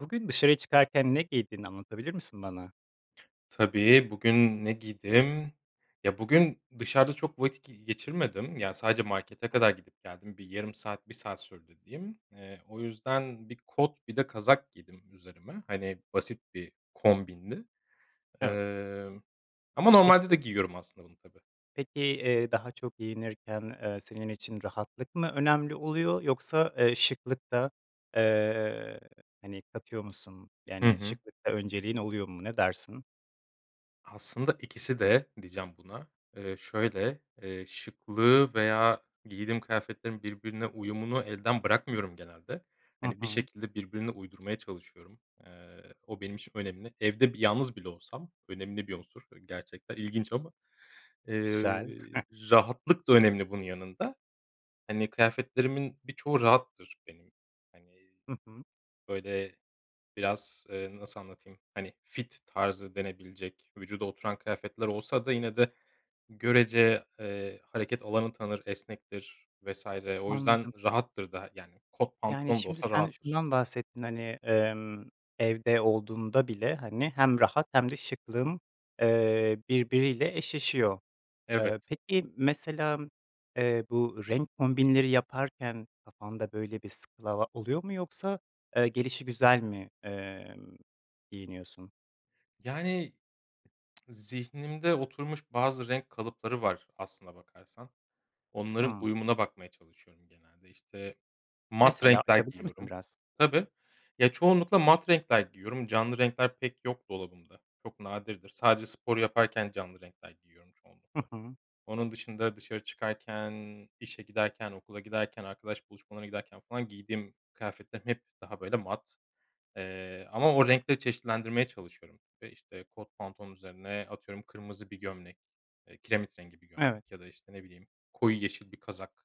Bugün dışarıya çıkarken ne giydiğini anlatabilir misin bana? Tabii, bugün ne giydim? Ya, bugün dışarıda çok vakit g geçirmedim. Ya, sadece markete Hı hı. kadar gidip geldim. Bir yarım saat, 1 saat sürdü diyeyim. Eee, o yüzden bir kot bir de kazak giydim üzerime. Hani, basit bir kombindi. Evet. Emm, ama normalde Peki. de giyiyorum aslında bunu tabii. Peki, eee, daha çok giyinirken, eee, senin için rahatlık mı önemli oluyor yoksa, eee, şıklık da, eee, hani, katıyor musun? Hı Yani, hı. şıklıkta önceliğin oluyor mu? Ne dersin? Aslında ikisi de diyeceğim buna. Eee, şöyle, eee, şıklığı veya giydiğim kıyafetlerin birbirine uyumunu elden bırakmıyorum genelde. Hı Hani, bir hı. şekilde birbirine uydurmaya çalışıyorum. Eee, o benim için önemli. Evde, bir, yalnız bile olsam. Önemli bir unsur, eee, gerçekten ilginç ama, eee, Güzel. rahatlık da önemli bunun yanında. Hani, kıyafetlerimin birçoğu rahattır benim. Hani, Hı hı. böyle, biraz, eee, nasıl anlatayım. Hani, fit tarzı denebilecek, vücuda oturan kıyafetler olsa da yine de görece, eee, hareket alanı tanır, esnektir vs. o yüzden Anladım. rahattır da, yani, kot Yani, pantolon da şimdi, olsa sen rahattır. şundan bahsettin. Hani, emm, evde olduğunda bile, hani, hem rahat hem de şıklığın, eee, birbiriyle eşleşiyor. Eee, Evet. peki, mesela, eee, bu renk kombinleri yaparken kafanda, böyle, bir skala oluyor mu? Yoksa, eee, gelişigüzel mi, emm, giyiniyorsun? Yani, zihnimde oturmuş bazı renk kalıpları var aslına bakarsan. Onların Hımm. uyumuna bakmaya çalışıyorum genelde. İşte, mat Mesela, renkler açabilir misin giyiyorum. biraz? Tabii. Ya, çoğunlukla mat renkler giyiyorum canlı renkler pek yok dolabımda. Çok nadirdir. Sadece spor yaparken canlı renkler giyiyorum Hı çoğunlukla. hı. Onun dışında dışarı çıkarken, işe giderken, okula giderken, arkadaş buluşmalarına giderken falan giydiğim kıyafetlerim hep daha, böyle, mat, eee, ama o renkleri çeşitlendirmeye çalışıyorum ve, işte, kot pantolonun üzerine, atıyorum, kırmızı bir gömlek, eee, kiremit rengi bir Evet. gömlek ya da, işte, ne bileyim, koyu yeşil bir kazak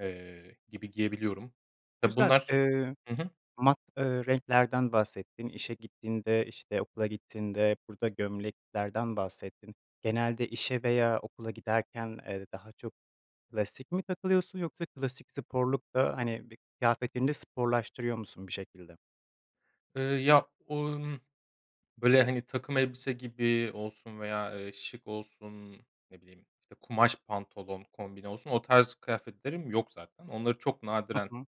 eee, gibi giyebiliyorum. Tabii, Güzel, bunlar, ııı, hı hı. mat, ııı, renklerden bahsettin, işe gittiğinde, işte, okula gittiğinde, burada gömleklerden bahsettin. Genelde işe veya okula giderken, eee, daha çok klasik mi takılıyorsun yoksa klasik sporluk da, hani, bi kıyafetini de sporlaştırıyor musun bir şekilde? Iıı, ya, [unintelligible] böyle, hani, takım elbise gibi olsun veya, ııı, şık olsun, ne bileyim, işte, kumaş pantolon kombini olsun, o tarz kıyafetlerim yok zaten. Onları çok Hı nadiren, hı.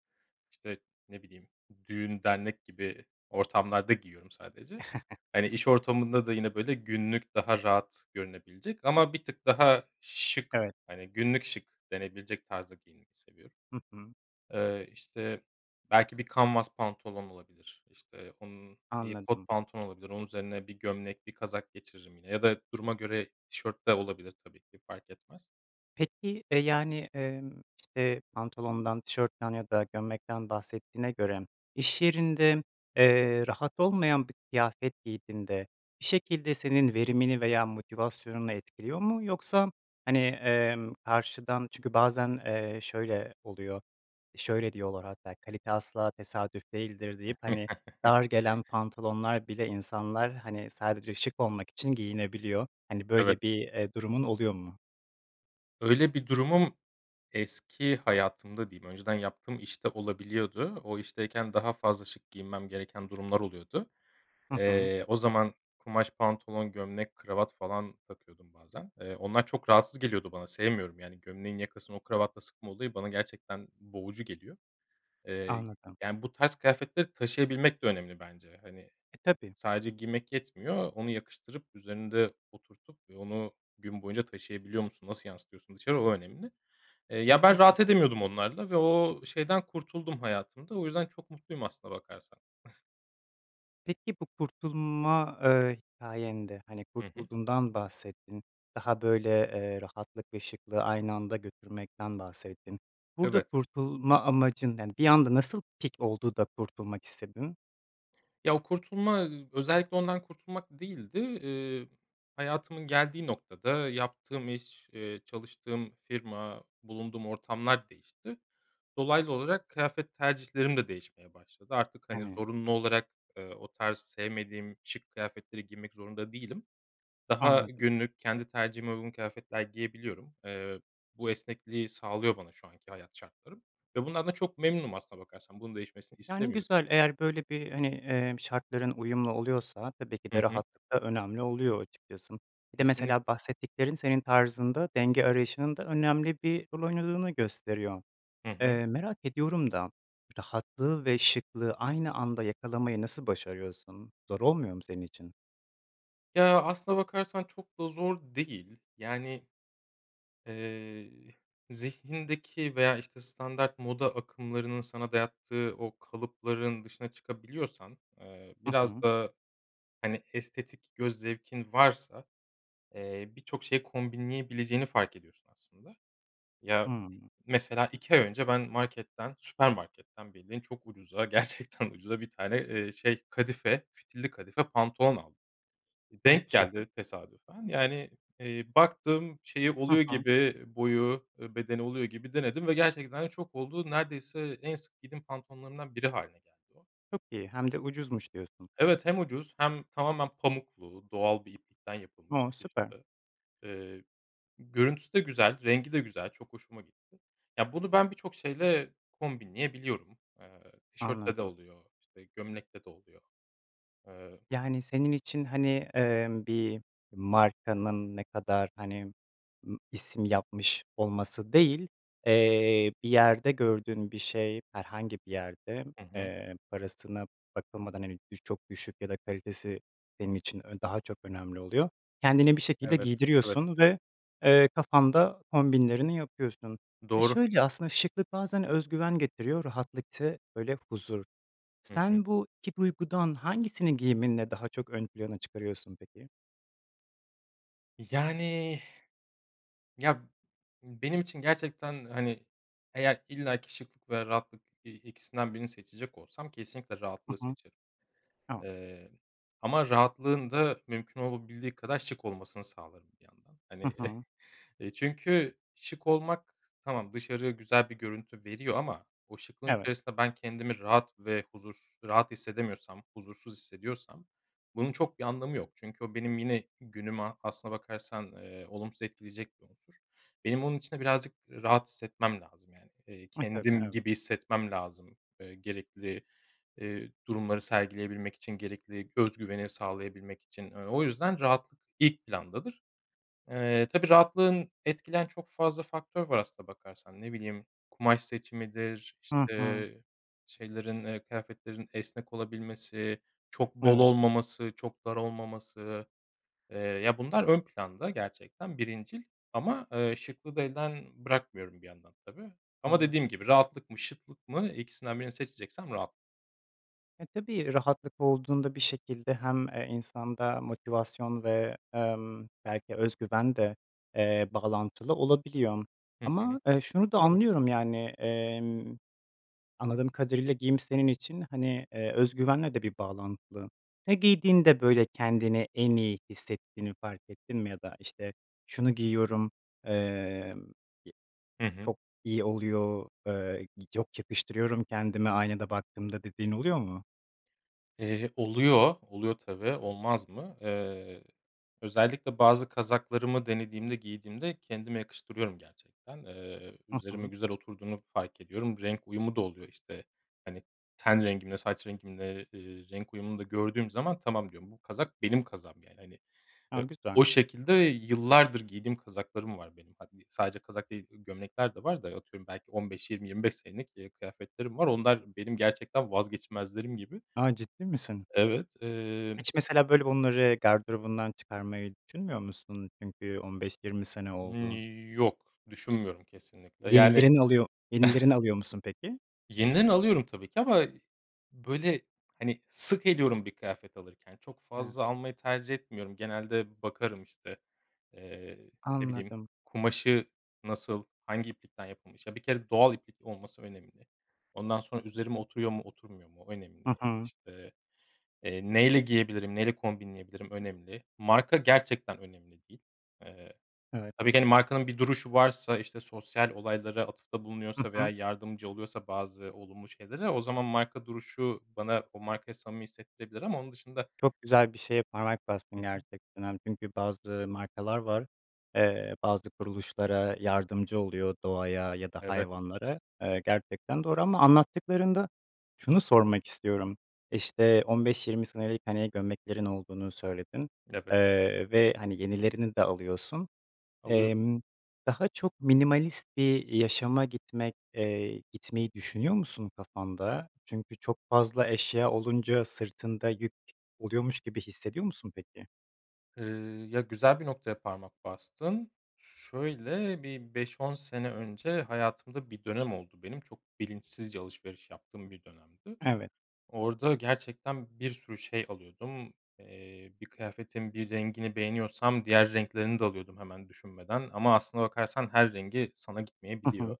işte, ne bileyim, düğün dernek gibi ortamlarda giyiyorum sadece. Hani, iş ortamında da yine, böyle, günlük daha rahat görünebilecek ama bir tık daha şık, Evet. hani, günlük şık denebilecek tarzda giyinmeyi seviyorum. Hı hı. Eee, işte, belki bir canvas pantolon olabilir, işte, onun, iii, Anladım. kot pantolon olabilir, onun üzerine bir gömlek, bir kazak geçiririm yine ya da duruma göre tişört de olabilir tabii ki fark etmez. Peki, eee, yani, emm, işte, pantolondan, tişörtten ya da gömlekten bahsettiğine göre, iş yerinde, eee, rahat olmayan bir kıyafet giydiğinde, bir şekilde senin verimini veya motivasyonunu etkiliyor mu? Yoksa, hani, emm, karşıdan, çünkü bazen, eee, şöyle oluyor, şöyle diyorlar, hatta kalite asla tesadüf değildir deyip, hani, dar gelen pantolonlar bile insanlar, hani, sadece şık olmak için giyinebiliyor, hani, Evet. böyle, bir, eee, durumun oluyor mu? Öyle bir durumum eski hayatımda diyeyim, önceden yaptığım iş de olabiliyordu. O işteyken daha fazla şık giyinmem gereken durumlar oluyordu. Hı hı. Eee, o zaman kumaş pantolon, gömlek, kravat falan takıyordum bazen. Eee, onlar çok rahatsız geliyordu bana sevmiyorum, yani, gömleğin yakasını o kravatla sıkma olayı bana gerçekten boğucu geliyor. Eee, Anladım. yani, bu tarz kıyafetleri taşıyabilmek de önemli bence. Hani, E, tabii. sadece giymek yetmiyor, onu yakıştırıp üzerinde oturtup ve onu gün boyunca taşıyabiliyor musun, nasıl yansıtıyorsun dışarı o önemli. Eee, ya ben rahat [unintelligible] edemiyordum onlarla ve o şeyden kurtuldum hayatımda. O yüzden çok mutluyum aslına bakarsan. Peki, bu kurtulma, eee, hikâyen de, hani, Hı hı. kurtulduğundan bahsettin. Daha, böyle, eee, rahatlık ve şıklığı aynı anda götürmekten bahsettin. Burada Evet. kurtulma amacın, yani, bir anda nasıl pik oldu da kurtulmak istedin? Ya, o kurtulma, ııı, özellikle ondan kurtulmak değildi. Eee, hayatımın geldiği noktada yaptığım iş, eee, çalıştığım firma, bulunduğum ortamlar değişti. Dolaylı olarak kıyafet tercihlerim de değişmeye başladı. Artık, hani, Hımm. zorunlu olarak, eee, o tarz sevmediğim şık kıyafetleri giymek zorunda değilim. Daha Anladım. günlük, kendi tercihime uygun kıyafetler giyebiliyorum. Eee, bu esnekliği sağlıyor bana şu anki hayat şartlarım ve bunlardan çok memnunum aslında bakarsan. Bunun değişmesini Yani, istemiyorum. güzel, eğer, böyle, bir, hani, emm, şartların uyumlu oluyorsa tabii ki Hı de hı. rahatlık da önemli oluyor açıkçası. Bir de Kesinlikle. mesela bahsettiklerin senin tarzında denge arayışının da önemli bir rol oynadığını gösteriyor. Hı hı. Eee, merak ediyorum da rahatlığı ve şıklığı aynı anda yakalamayı nasıl başarıyorsun? Zor olmuyor mu senin için? Ya, aslına bakarsan çok da zor değil. Yani eee, zihnindeki veya, işte, standart moda akımlarının sana dayattığı o kalıpların dışına çıkabiliyorsan, eee, Hı biraz hı. da, hani, estetik göz zevkin varsa, eee, birçok şeyi kombinleyebileceğini fark ediyorsun aslında. Ya, Hıı. mesela, 2 ay önce ben marketten, süpermarketten bildiğin çok ucuza gerçekten ucuza 1 tane, eee, şey kadife, fitilli kadife pantolon aldım. Ha. Denk Güzel. geldi tesadüfen, yani, eee, baktım şeyi Hı oluyor hı. gibi, boyu, e, bedeni oluyor gibi denedim ve gerçekten de çok oldu. Neredeyse en sık giydiğim pantolonlarımdan biri hâline geldi o. Çok iyi hem de ucuzmuş diyorsun. Evet, hem ucuz hem tamamen pamuklu doğal bir iplikten yapılmış. O! Süper. [unintelligible] Eee, görüntüsü de güzel, rengi de güzel, çok hoşuma gitti. Ya, bunu ben birçok şeyle kombinleyebiliyorum. Eee, tişörtle de Anladım. oluyor, işte, gömlekle de oluyor. Eee Yani, senin için, hani, emm, bir markanın ne kadar, hani, ımm, isim yapmış olması değil, eee, bir yerde gördüğün bir şey, herhangi bir yerde, Hı hı. eee, parasına bakılmadan, hani, düş çok düşük ya da kalitesi benim için ön daha çok önemli oluyor. Kendini bir şekilde Evet, evet. giydiriyorsun ve, eee, kafanda kombinlerini yapıyorsun ve Doğru. şöyle aslında şıklık bazen öz güven getiriyor, rahatlık te böyle, huzur. Hı hı. Sen bu 2 duygudan hangisini giyiminle daha çok ön plana çıkarıyorsun peki? Yani. Ya, benim için gerçekten, hani, eğer illaki şıklık ve rahatlık, eee, ikisinden birini seçecek olsam kesinlikle Hı rahatlığı hı. seçerim. Tamam. Eee, ama rahatlığın da mümkün olabildiği kadar şık olmasını sağlarım bir yandan. Hı Hani, hı. çünkü şık olmak tamam dışarıya güzel bir görüntü veriyor ama o şıklığın Evet. içerisinde ben kendimi rahat ve huzur rahat hissedemiyorsam, huzursuz hissediyorsam bunun çok bir anlamı yok. Çünkü o benim yine günümü aslına bakarsan, eee, olumsuz etkileyecek bir unsur. Benim onun için de birazcık rahat hissetmem lazım, yani. Eee, E, tabii. kendim Evet. gibi hissetmem lazım, eee, gerekli, eee, durumları sergileyebilmek için, gerekli özgüveni sağlayabilmek için. Eee, o yüzden rahatlık ilk plandadır. Eee, tabii rahatlığın etkileyen çok fazla faktör var aslına bakarsan. Ne bileyim, kumaş seçimidir, Hı hı. işte, şeylerin, eee, kıyafetlerin esnek olabilmesi, çok bol Evet. olmaması, çok dar olmaması. Eee, ya bunlar ön planda gerçekten birincil ama, eee, şıklığı da elden bırakmıyorum bir yandan, tabii, ama Anladım. dediğim gibi rahatlık mı şıklık mı, ikisinden birini seçeceksem rahat E, tabii, rahatlık olduğunda bir şekilde hem, eee, insanda motivasyon ve, emm, belki özgüven de, eee, bağlantılı olabiliyor. Hı hı. Ama, eee, şunu da Doğru. anlıyorum. Yani, emm, anladığım kadarıyla giyim senin için, hani, eee, özgüvenle de bir bağlantılı. Ya, giydiğinde, böyle, kendini en iyi hissettiğini fark ettin mi ya da, işte, şunu giyiyorum, emm, ye Hı hı. çok iyi oluyor, eee, y yok yakıştırıyorum kendime aynada baktığımda dediğin oluyor mu? Eee, oluyor, oluyor, tabii, olmaz mı? Eee, özellikle bazı kazaklarımı denediğimde, giydiğimde kendime yakıştırıyorum gerçekten. Eee, Hı üzerime hı. güzel oturduğunu fark ediyorum. Renk uyumu da oluyor. İşte, hani, ten rengimle, saç rengimle, ııı, renk uyumunu da gördüğüm zaman tamam diyorum, bu kazak benim kazağım yani. Hani, A, eee, güzel. o şekilde yıllardır giydiğim kazaklarım var benim. [unintelligible] Sadece kazak değil, ııı, gömlekler de var da atıyorum belki 15-20-25 senelik, ııı, kıyafetlerim var, onlar benim gerçekten vazgeçmezlerim gibi. A, ciddi misin? Evet. Emm Hiç mesela, böyle, bunları gardırobundan çıkarmayı düşünmüyor musun? Çünkü 15-20 sene Imm, oldu. yok düşünmüyorum kesinlikle. Yani Yenilerin oluyo yenilerini alıyor musun peki? Yeniden alıyorum tabii ki ama, böyle, hani, sık eliyorum bir kıyafet alırken. Çok He. fazla almayı tercih etmiyorum. Genelde bakarım, işte, eee, ne bileyim, Anladım. kumaşı nasıl, hangi iplikten yapılmış, ya, bir kere doğal iplik olması önemli. Ondan sonra üzerime oturuyor mu, oturmuyor mu o Hı önemli. hı. İşte, eee, neyle giyebilirim, neyle kombinleyebilirim önemli. Marka gerçekten önemli değil. Eee, Evet. tabii ki, hani, markanın bir duruşu varsa. İşte, sosyal olaylara atıfta Hı bulunuyorsa veya hı. yardımcı oluyorsa bazı olumlu şeylere o zaman marka duruşu bana o markayı samimi hissettirebilir ama onun dışında Çok güzel bir şeye parmak Hı bastın hı. gerçekten. Hani, çünkü bazı markalar var. Eee, bazı kuruluşlara yardımcı oluyor, doğaya ya da Evet. hayvanlara, eee, gerçekten doğru. Ama anlattıklarında şunu sormak istiyorum. İşte, 15-20 senelik, hani, gömleklerin olduğunu söyledin, Evet. eee, ve, hani, yenilerini de alıyorsun. Alıyorum. Emm, daha çok minimalist bir yaşama gitmek, eee, gitmeyi düşünüyor musun kafanda? Çünkü çok fazla eşya olunca sırtında yük oluyormuş gibi hissediyor musun peki? Eee, ya, güzel bir noktaya parmak bastın, şöyle bir 5-10 sene önce hayatımda bir dönem oldu. Benim çok bilinçsizce alışveriş yaptığım bir dönemdi. Evet. Orada gerçekten bir sürü şey alıyordum. Eee, bir kıyafetin bir rengini beğeniyorsam diğer renklerini de alıyordum hemen düşünmeden ama aslına bakarsan her rengi sana Hı hı. gitmeyebiliyor.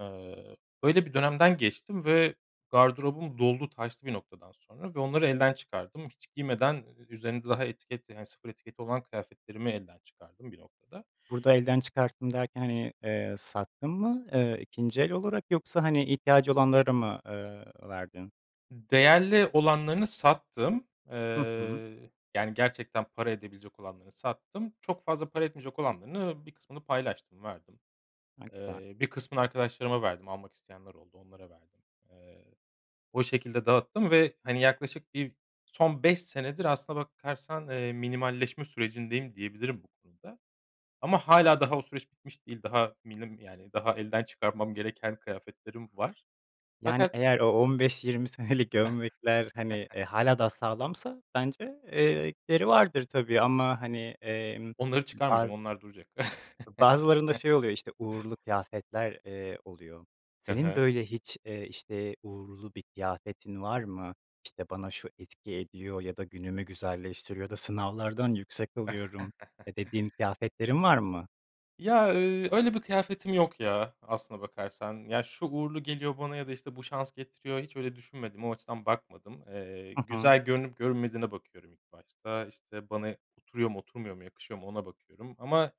Eee, böyle bir dönemden geçtim ve gardırobum doldu taştı bir noktadan sonra ve onları elden çıkardım. Hiç giymeden ü üzerinde daha etiket, yani, sıfır etiketi olan kıyafetlerimi elden çıkardım bir noktada. Burada elden çıkarttım derken, hani, eee, sattın mı, eee, ikinci el olarak yoksa, hani, ihtiyacı olanlara mı, eee, verdin? Değerli olanlarını sattım. Hı hı. Eee, yani, gerçekten para edebilecek olanlarını sattım. Çok fazla para etmeyecek olanlarını, bir kısmını paylaştım, verdim. [unintelligible] Eee, bir kısmını arkadaşlarıma verdim, almak isteyenler oldu, onlara verdim. Eee, o şekilde dağıttım ve, hani, yaklaşık bir son 5 senedir aslına bakarsan, eee, minimalleşme sürecindeyim diyebilirim bu konuda ama hâlâ daha o süreç bitmiş değil, daha milim, yani, daha elden çıkarmam gereken kıyafetlerim var Yani, fakat eğer o, 15-20 senelik gömlekler, hani, eee, hâlâ daha sağlamsa, bence, eee, gideri vardır tabii ama, hani, emm, Onları çıkarmayacağım, bazı onlar duracak. bazılarında şey oluyor, işte uğurlu kıyafetler, eee, oluyor. Hı Senin, hı. böyle, hiç, eee, işte uğurlu bir kıyafetin var mı? İşte bana şu etki ediyor ya da günümü güzelleştiriyor ya da sınavlardan yüksek alıyorum, eee, dediğin kıyafetlerin var mı? Ya, eee, öyle bir kıyafetim yok, ya, aslına bakarsan, ya, şu uğurlu geliyor bana ya da işte bu şans getiriyor hiç öyle düşünmedim. O açıdan bakmadım. Eee, Hı hı. güzel görünüp görünmediğine bakıyorum ilk başta işte bana oturuyor mu oturmuyor mu yakışıyor mu ona bakıyorum. Ama,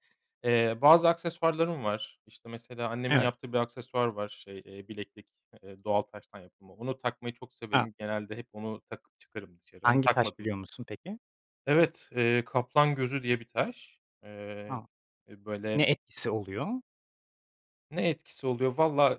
eee, bazı aksesuarlarım var işte mesela annemin Evet. yaptığı bir aksesuar var, şey, eee, bileklik, eee, doğal taştan yapılma, onu takmayı çok A. severim. Genelde hep onu takıp çıkarım dışarı onu Hangi taş takmadığım biliyor musun peki? Evet, eee, kaplan gözü diye bir taş, eee, A! Ne böyle etkisi oluyor? Ne etkisi oluyor vallahi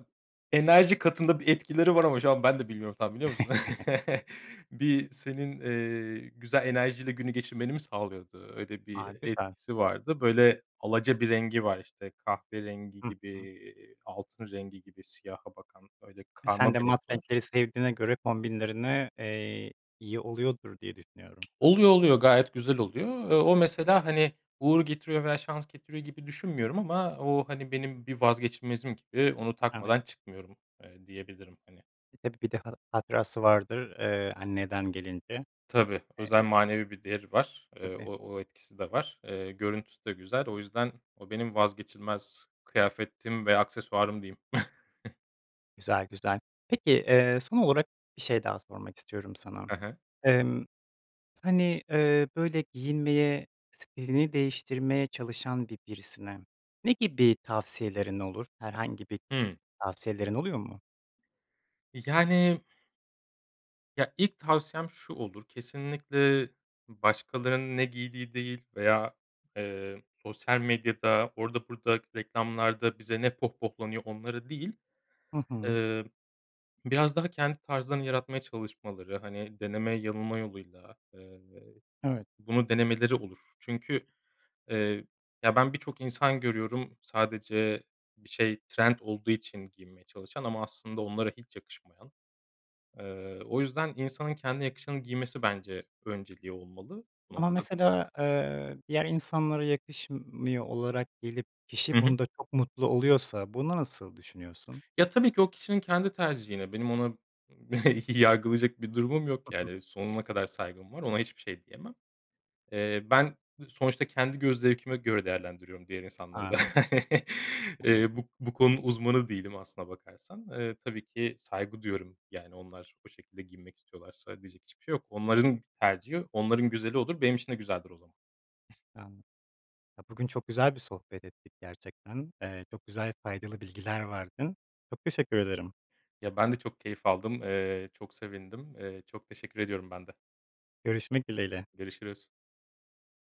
enerji katında bir etkileri var ama şu an ben de bilmiyorum tam biliyor musun? Bir senin, eee, güzel enerjiyle günü geçirmeni mi sağlıyordu? Öyle bir A. Güzel. etkisi vardı. Böyle alaca bir rengi var, işte, kahverengi Hı gibi, hı. eee, altın rengi gibi siyaha bakan öyle E, sen karma de bir mat renk var. renkleri sevdiğine göre kombinlerine, eee, iyi oluyordur diye düşünüyorum. Oluyor oluyor, gayet güzel oluyor. Eee, o mesela, hani, uğur getiriyor veya şans getiriyor gibi düşünmüyorum. Ama o, hani, benim bir vazgeçilmezim gibi onu Evet. takmadan çıkmıyorum, eee, diyebilirim, hani. Hep bir de ha hatırası vardır, eee, anneden gelince. Tabii özel Eee. manevi bir değeri var. Eee, Tabii. o o etkisi de var. Eee, görüntüsü de güzel. O yüzden o benim vazgeçilmez kıyafetim ve aksesuarım diyeyim. Güzel, güzel. Peki, eee, son olarak bir şey daha sormak istiyorum sana. Hı hı. Emm, hani, eee, böyle giyinmeye, stilini değiştirmeye çalışan bir birisine ne gibi tavsiyelerin olur? Herhangi bir küçük Hıı. tavsiyelerin oluyor mu? Yani Ya, ilk tavsiyem şu olur, kesinlikle başkalarının ne giydiği değil veya, eee, sosyal medyada orada burada reklamlarda bize ne pohpohlanıyor onları değil. Hı hı. Eee, biraz daha kendi tarzlarını yaratmaya çalışmaları, hani, deneme yanılma yoluyla, eee, Evet. bunu denemeleri olur. Çünkü, eee, ya, ben birçok insan görüyorum sadece bir şey trend olduğu için giymeye çalışan ama aslında onlara hiç yakışmayan. Eee, o yüzden insanın kendi yakışanı giymesi bence önceliği olmalı bu Ama noktada. mesela, eee, diğer insanlara yakışmıyor olarak gelip kişi Hı hı. bunda çok mutlu oluyorsa, bunda nasıl düşünüyorsun? Ya, tabii ki o kişinin kendi tercihine benim ona yargılayacak bir durumum yok. Yani, sonuna kadar saygım var, ona hiçbir şey diyemem. Eee, ben sonuçta kendi göz zevkime göre değerlendiriyorum diğer insanları da. Anladım. Eee, Anladım. bu bu konunun uzmanı değilim aslına bakarsan, eee, tabii ki saygı duyuyorum. Yani onlar o şekilde giyinmek istiyorlarsa diyecek hiçbir şey yok. Onların tercihi onların güzeli olur, benim için de güzeldir o zaman. Yani. Ya, bugün çok güzel bir sohbet ettik gerçekten. Eee, çok güzel faydalı bilgiler verdin. Çok teşekkür ederim. Ya, ben de çok keyif aldım, eee, çok sevindim, eee, çok teşekkür ediyorum ben de. Görüşmek dileğiyle. Görüşürüz.